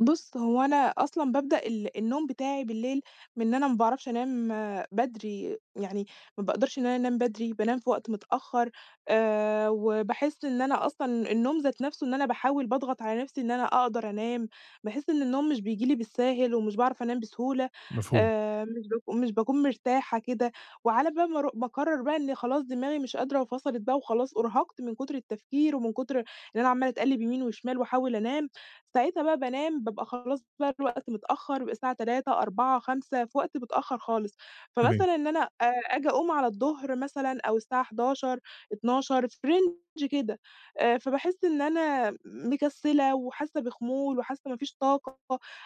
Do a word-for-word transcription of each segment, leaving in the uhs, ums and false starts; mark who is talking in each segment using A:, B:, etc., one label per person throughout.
A: بُص، هو أنا أصلًا بابدأ ال النوم بتاعي بالليل من أنا ما باعرفش أنام بدري، يعني ما بأقدرش إن أنا أنام بدري، بانام في وقت متأخر. آآ، وباحس إن أنا أصلًا النوم ذات نفسه، إن أنا باحاول باضغط على نفسي إن أنا أقدر أنام. باحس إن النوم مش بييجي لي بالساهل ومش باعرف أنام بسهولة.
B: مفهوم.
A: آآ، مش باك مش باكون مرتاحة كده، وعلى بال ما أرو باقرر بقى إن خلاص دماغي مش قادرة وفَصَلِت بقى وخلاص أُرهقت من كتر التفكير ومن كتر إن أنا عمالة اتقلب يمين وشمال وأحاول أنام، ساعتها بقى بانام، بابقى خلاص بقى الوقت متأخر الساعة تلاتة، أربعة، خمسة في وقت متأخر خالص.
B: تمام.
A: فمثلًا إن أنا، آآ، أجي أقوم على الظهر مثلًا أو الساعة حداشر، اتناشر في رينج كده، آآ فباحس إن أنا مكسلة وحاسة بخمول وحاسة ما فيش طاقة،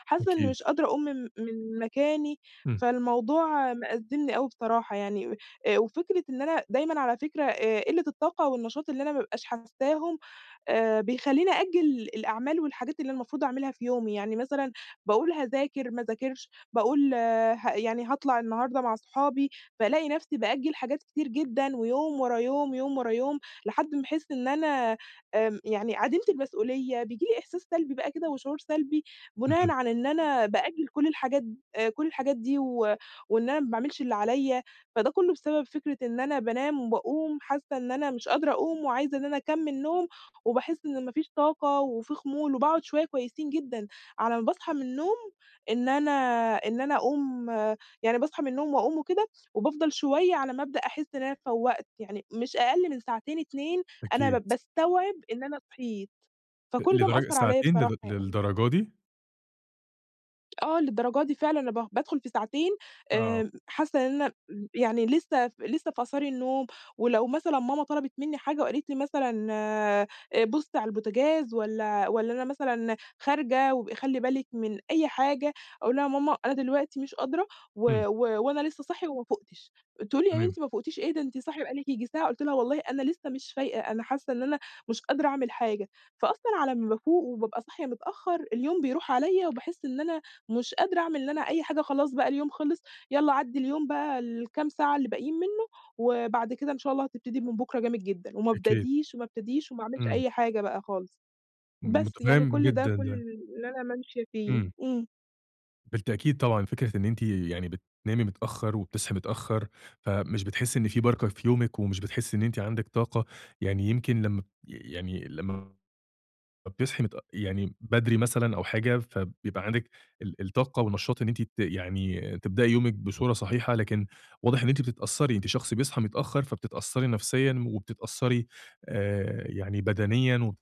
A: حاسة إن
B: أكيد.
A: مش قادرة أقوم من من مكاني،
B: إمم.
A: فالموضوع مأزمني أوي بصراحة يعني. آآ، وفكرة إن أنا دايمًا على فكرة، آآ قلة الطاقة والنشاط اللي أنا ما بابقاش حساهم، آآ بيخليني أأجِل الأعمال والحاجات اللي المفروض أعملها في يومي. يعني مثلًا، باقول هاذاكر، ما اذاكرش، باقول ها يعني هاطلع النهارده مع أصحابي، فألاقي نفسي بأجِل حاجات كتير جدًا، ويوم ورا يوم، يوم ورا يوم، لحد ما احس إن أنا آمم يعني عديمة المسؤولية. بييجي لي إحساس سلبي بقى كده، وشعور سلبي بناءً
B: اهم.
A: على إن أنا بأجِل كل الحاجات كل الحاجات دي و وإن أنا ما باعملش اللي عليَّ. فده كله بسبب فكرة إن أنا بانام وباقوم حاسة إن أنا مش قادرة أقوم وعايزة إن أنا أكمل نوم، وباحس إن ما فيش طاقة وفي خمول وباقعد شوية كويسين جدًا على ما باصحى من النوم، إن أنا إن أنا أقوم يعني باصحى من النوم وأقوم وكده وبافضل شوية على ما بدأ أحس إن أنا فوَّقت، يعني مش أقل من ساعتين اتنين أنا با
B: أكيد.
A: باستوعب إن أنا صحيت.
B: أ
A: فكل ده
B: لدرجة
A: مأثر عليَّ
B: ساعتين،
A: بصراحة
B: ل
A: يعني.
B: للدرجة دي!
A: آه، للدرجة دي فعلًا. أنا ب بادخل في ساعتين،
B: آه.
A: آآ، حاسة إن أنا إمم، يعني لسه ف لسه في آثار النوم ولو مثلًا ماما طلبت مني حاجة وقالت لي مثلًا، آآ بُصي على البوتجاز والّا والّا أنا مثلًا خارجة وابْقي خلّي بالِك من أي حاجة أقول لها: "يا ماما أنا دلوقتي مش قادرة و
B: إمم.
A: و وأنا لسه صاحية وما فوقتش" تقول لي: "يا
B: تمام.
A: بنتي ما فوقتيش إيه، أنتِ صاحية بقى لِك ييجي ساعة." قلت لها: "والله أنا لسه مش فايقة، أنا حاسة إن أنا مش قادرة أعمل حاجة." فأصلًا على ما بافوق وبابقى صاحية متأخر، اليوم بيروح عليَّ، وباحس إن أنا مش قادرة أعمل اللي أنا أي حاجة خلاص بقى اليوم خلص، يلّا عدي اليوم بقى الكام ساعة اللي باقيين منه، وبعد كده إن شاء الله هتبتدي من بُكرة جامد جدًا. ما
B: أكيد.
A: ابدديش وما ابتديش وما اعملش
B: إمم.
A: أي حاجة بقى خالص. بس، يعني
B: متفهم
A: كل ده
B: جدًا
A: كل
B: ده.
A: اللي أنا مامشية فيه.
B: إمم.
A: إمم.
B: بالتأكيد طبعًا. فكرة إن أنتِ يعني بتنامي متأخر وبتصحي متأخر، فمش بتحسي إن في بركة في يومِك ومش بتحسي إن أنتِ عندِك طاقة، يعني يمكن لما يعني لما ب بتصحي متأ يعني بدري مثلًا أو حاجة، فبيبقى عندِك ال الطاقة والنشاط إن أنتِ ت يعني تبدئي يومِك بصورة صحيحة، لكن واضح إن أنتِ بتتأثري، أنتِ شخص بيصحى متأخر، فبتتأثري نفسيًا وبتتأثري، آآ يعني بدنيًا و